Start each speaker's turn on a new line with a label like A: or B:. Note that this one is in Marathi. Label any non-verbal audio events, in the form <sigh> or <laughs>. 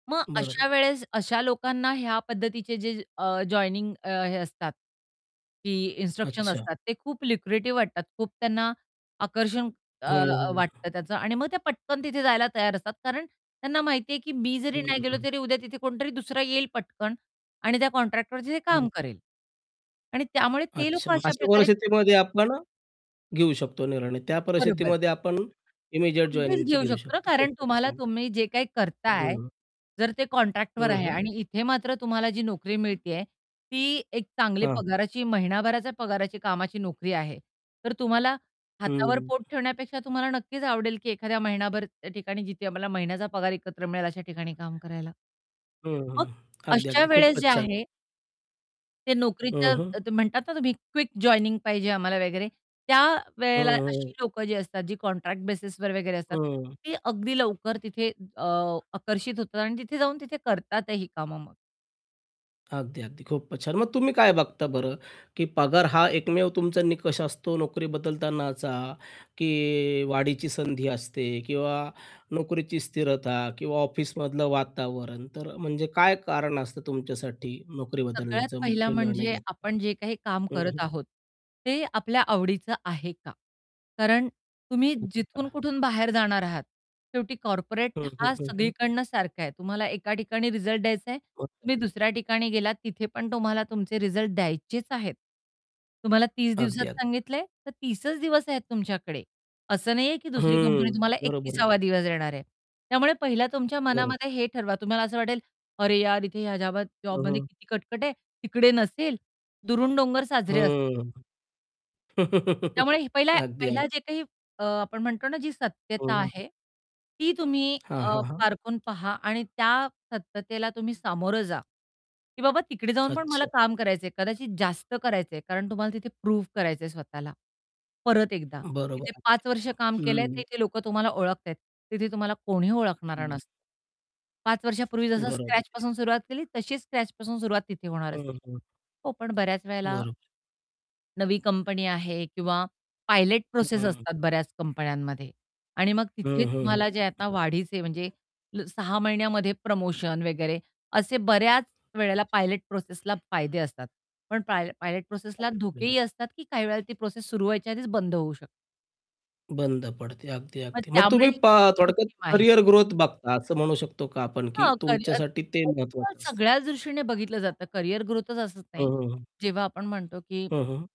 A: मग अशा
B: बरोबरं.
A: वेळेस अशा लोकांना ह्या पद्धतीचे जे अ, जॉइनिंग अ, हे असतात की इन्स्ट्रक्शन
B: अच्छा.
A: असतात ते खूप लुक्रेटिव्ह वाटतात. खूप त्यांना आकर्षण अ,
B: हं,
A: अ,
B: हं.
A: वाटतं त्याचं आणि मग ते पटकन तिथे जायला तयार असतात. कारण त्यांना माहितीये की मी जरी नाही गेलो,
B: हं.
A: तरी उद्या तिथे कोणतरी दुसरा येईल पटकन आणि त्या कॉन्ट्रॅक्टवरती ते काम
B: <unintelligible>
A: करेल. आणि त्यामुळे ते
B: अच्छा.
A: लोकं
B: मग
A: अशा
B: अशा
A: प्रकारे
B: परिस्थितीमध्ये
A: <unintelligible>
B: आपण घेऊ शकतो निर्णय त्या
A: बरोबर.
B: परिस्थितीमध्ये आपण इमिजिएट
A: अगदीच
B: जॉइनिंगची
A: घेऊ
B: घेऊ
A: शकतो.
B: शकतो.
A: कारण
B: खूपचं
A: तुम्हाला
B: छान.
A: तुम्ही जे काही करताय
B: हं.
A: जर ते कॉन्ट्रॅक्टवर
B: हं,
A: आहे
B: हं.
A: आणि इथे मात्र तुम्हाला जी नोकरी मिळतेय, ती एक चांगली
B: हां.
A: पगाराची महिनाभराच्या पगाराची कामाची नोकरी आहे. तर तुम्हाला हातावर
B: हं.
A: पोट ठेवण्यापेक्षा तुम्हाला नक्कीच आवडेल, की एखाद्या महिनाभर त्या ठिकाणी जिथे आम्हाला महिन्याचा पगार एकत्र मिळेल अशा ठिकाणी काम करायला.
B: हं,
A: मग
B: हं. अगदी
A: अशा
B: अगदी.
A: वेळेस
B: खूपचं
A: जे
B: छान.
A: आहे ते
B: हं,
A: नोकरीचं
B: हं.
A: म्हणतात ना, तुम्ही क्विक जॉइनिंग पाहिजे आम्हाला वगैरे त्यावेळेला अशी
B: हं.
A: लोकं जी असतात जी कॉन्ट्रॅक्ट बेसिसवर वगैरे असतात
B: हं.
A: ते अगदी लवकर तिथे अ, आकर्षित होतात आणि तिथे जाऊन तिथे करतातही कामं मग.
B: अगदी, अगदी. खूपच छान. मग तुम्ही काय बघता बरं? की पगार हा एकमेव तुमचा निकष असतो नोकरी बदलताना चा की वाढीची संधी असते किंवा नोकरीची स्थिरता किंवा ऑफिसमधलं वातावरण. तर म्हणजे काय कारण असतं तुमच्यासाठी नोकरी
A: सगळ्यात
B: बदलण्याचा
A: पहिला
B: मुख्य निर्णय
A: म्हणजे
B: घेताना.
A: आपण जे काही काम
B: हं,
A: करत
B: हं.
A: आहोत ते आपल्या आवडीचं आहे का? कारण तुम्ही जिथून कुठून बाहेर जाणार आहात शेवटी कॉर्पोरेट
B: हं, हं,
A: हा
B: हं, हं.
A: सगळीकडनं सारखा आहे. तुम्हाला एका ठिकाणी रिझल्ट द्यायचाय तुम्ही
B: <unintelligible>
A: दुसऱ्या ठिकाणी गेलात तिथे पण तुम्हाला तुमचे रिझल्ट द्यायचेच आहेत. तुम्हाला 30 दिवसात
B: अगदी, अग
A: सांगितलंय तर 30चं दिवस आहेत तुमच्याकडे असं नाहीये की दुसरी कंपनी
B: हं.
A: तुम्हाला
B: बरोबर आहे.
A: 31सावा दिवस देणार आहे. त्यामुळे पहिला तुमच्या
B: बरोबर.
A: मनामध्ये हे ठरवा तुम्हाला असं वाटेल "अरे यार इथे ह्या जाबात
B: हं,
A: जॉबमध्ये
B: हं.
A: किती कटकट आहे तिकडे नसेल." "दुरून डोंगर साजरे" असतात.
B: हं.
A: त्यामुळे
B: <laughs>
A: पहिला
B: अगदी, अगदी.
A: पहिला जे काही अ, आपण म्हणतो ना जी सत्यता
B: हं.
A: आहे ती तुम्ही
B: हां,
A: अ,
B: हां, हां.
A: पारखून पहा आणि त्या सत्यतेला तुम्ही सामोरं जा, की बाबा "तिकडे जाऊन पण मला
B: अच्छा.
A: काम करायचंय, कदाचित जास्त करायचंय." कारण तुम्हाला तिथे प्रूव्ह करायचंय स्वतःला. परत एकदा
B: बरोबर
A: इथे 5 वर्ष
B: <unintelligible>
A: काम केलंय ते
B: हं.
A: इथे लोकं तुम्हाला ओळखता आहेत, तिथे तुम्हाला कोणी ओळखणारं
B: हं.
A: नसतं. 5 वर्षापूर्वी जसं
B: बरोबर आहे.
A: स्क्रॅचपासून सुरुवात केली तशीच स्क्रॅचपासून सुरुवात तिथे होणार
B: हं,
A: असते.
B: हं.
A: हो पण बऱ्याच वेळेला
B: बरोबर.
A: नवी कंपनी आहे किंवा पायलट प्रोसेस
B: हं.
A: असतात बऱ्याच कंपन्यांमध्ये आणि मग तिथे
B: हं, हं, हं.
A: तुम्हाला जे आता वाढीचे म्हणजे 6 महिन्यामध्ये प्रमोशन वगैरे, असे बऱ्याच वेळेला पायलट प्रोसेसला फायदे असतात. पण पाय पायलट प्रोसेसला
B: <unintelligible>
A: धोकेही असतात की काही वेळेला ती प्रोसेस सुरु व्हायच्या आधीच बंद होऊ शकते.
B: बंद पडते. अगदी,
A: मग
B: अगदी. मग
A: त्यामुळे
B: तुम्ही पा
A: ही
B: थोडक्यात
A: जोखीम आहे.
B: करियर ग्रोथ बघता असं म्हणू शकतो का आपण की
A: हां. करियर
B: तुमच्यासाठी ते
A: <unintelligible>
B: महत्वाचं असतं?
A: सगळ्याच दृष्टीने बघितलं जातं करियर ग्रोथच असत
B: हं,
A: नाही
B: हं, हं.
A: जेव्हा आपण म्हणतो की
B: हं, हं.